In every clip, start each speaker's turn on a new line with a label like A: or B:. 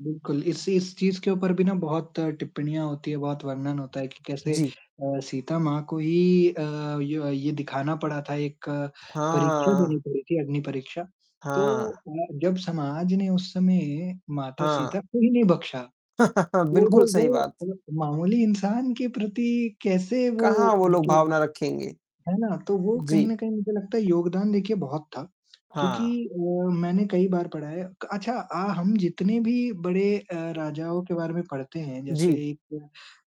A: बिल्कुल, इसी इस चीज़ के ऊपर भी ना बहुत टिप्पणियाँ होती है, बहुत वर्णन होता है कि कैसे
B: जी।
A: अ, सीता माँ को ही अ, ये व ये दिखाना पड़ा था, एक परीक्षा
B: हाँ।
A: देनी पड़ी थी अग्निपरीक्षा। तो
B: हाँ।
A: अ, जब समाज ने उस समय माता सीता
B: हाँ।
A: को ही नहीं बक्शा, तो वो
B: बिल्कुल सही
A: वो
B: बात।
A: [unintelligible] मामूली इंसान के प्रति कैसे
B: कहाँ
A: वो
B: वो लोग
A: मतलब
B: भावना रखेंगे?
A: है ना? तो वो कहीं
B: जी।
A: न कहीं मुझे लगता है योगदान देखिए बहुत था। क्योंकि
B: हाँ।
A: वो मैंने कई बार पढ़ा है क अच्छा अ, हम जितने भी बड़े अ, राजाओं के बारे में पढ़ते हैं, जैसे
B: जी।
A: एक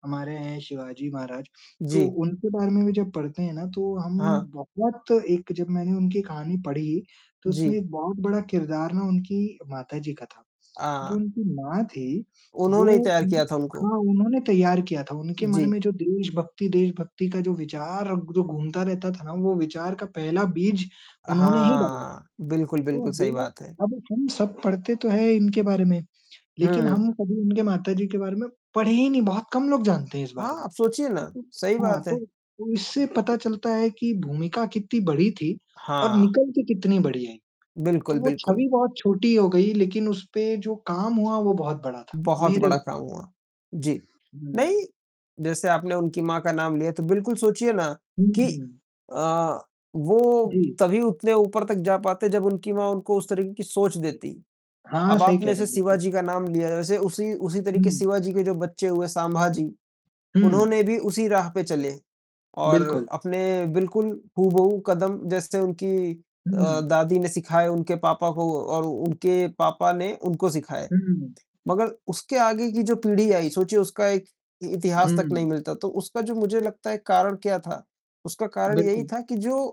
A: हमारे हैं शिवाजी महाराज, तो
B: जी।
A: उनके बारे में भी जब पढ़ते हैं ना, तो हम
B: हाँ।
A: बहुत एक जब मैंने उनकी कहानी पढ़ी तो उसमें
B: जी।
A: एक बहुत बड़ा किरदार ना उनकी माता जी का था। जो
B: हाँ।
A: उनकी माँ थी, वो
B: उन्होंने ही तैयार
A: उन
B: किया था उनको।
A: हाँ उन्होंने तैयार किया था। उनके मन
B: जी।
A: में जो देशभक्ति देशभक्ति का जो विचार जो घूमता रहता था ना, वो विचार का पहला बीज उन्होंने ही डाला।
B: हाँ। बिल्कुल,
A: तो
B: बिल्कुल सही
A: वो
B: बात है।
A: अब हम सब पढ़ते तो हैं इनके बारे में, लेकिन
B: हुँ।
A: हम कभी उनके माता जी के बारे में पढ़े ही नहीं बहुत कम लोग जानते हैं इस बारे
B: हाँ,
A: में।
B: आप सोचिए ना, सही
A: हाँ
B: बात
A: तो,
B: है।
A: तो इससे पता चलता है कि भूमिका कित्ती बड़ी थी और
B: हाँ।
A: निकल के कितनी बढ़िया है। तो
B: बिल्कुल,
A: वो
B: बिल्कुल।
A: छवि बहुत छोटी हो गई लेकिन उस पे जो काम हुआ वो बहुत बड़ा था
B: बहुत
A: मेरे
B: बड़ा
A: लिए।
B: काम हुआ। जी, नहीं,
A: हुँ।
B: जैसे आपने उनकी माँ का नाम लिया तो बिल्कुल सोचिए ना
A: हुँ,
B: कि
A: हुँ।
B: अ, वो
A: जी।
B: तभी उतने ऊपर तक जा पाते जब उनकी माँ उनको उस तरीके की सोच देती।
A: हाँ,
B: अब
A: सही कह
B: आपने
A: रहे
B: जैसे
A: हैं, बिल्कुल।
B: शिवाजी का नाम लिया वैसे उसी उसी तरीके
A: हुँ।
B: शिवाजी के जो बच्चे हुए, संभाजी
A: हुँ।
B: उन्होंने भी उसी राह पे चले, और
A: बिल्कुल।
B: अपने बिल्कुल हूबहू कदम जैसे उनकी अ,
A: हुँ।
B: दादी ने सिखाया उनके पापा को और उनके पापा ने उनको सिखाए।
A: हुँ।
B: मगर उसके आगे की जो पीढ़ी आई सोचिए उसका एक इतिहास तक नहीं
A: हुँ।
B: मिलता तो उसका जो मुझे लगता है कारण क्या था? उसका कारण यही
A: बिल्कुल।
B: था कि जो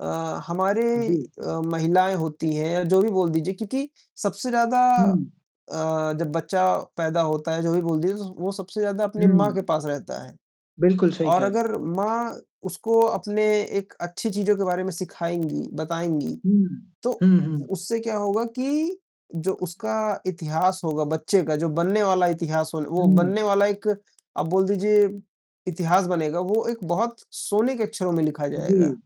B: अ, हमारी
A: हुँ जी।
B: अ, महिलाएँ होती हैं या जो भी बोल दीजिए क्योंकि सबसे ज़्यादा
A: हुँ।
B: अ, जब बच्चा पैदा होता है जो भी बोल दिए तो वो सबसे ज़्यादा अपने माँ के
A: हुँ।
B: पास रहता है।
A: बिल्कुल सही
B: और
A: कह रहे हैं।
B: अगर माँ उसको अपने एक अच्छी चीज़ों के बारे में सिखाएँगी, बताएँगी
A: हुँ,
B: तो
A: हुँ, हुँ।
B: उससे क्या होगा कि जो उसका इतिहास होगा, बच्चे का जो बनने वाला इतिहास होल वो बनने
A: हुँ।
B: वाला एक आप बोल दीजिए इतिहास बनेगा, वो एक बहुत सोने के अक्षरों में लिखा जाएगा।
A: जी।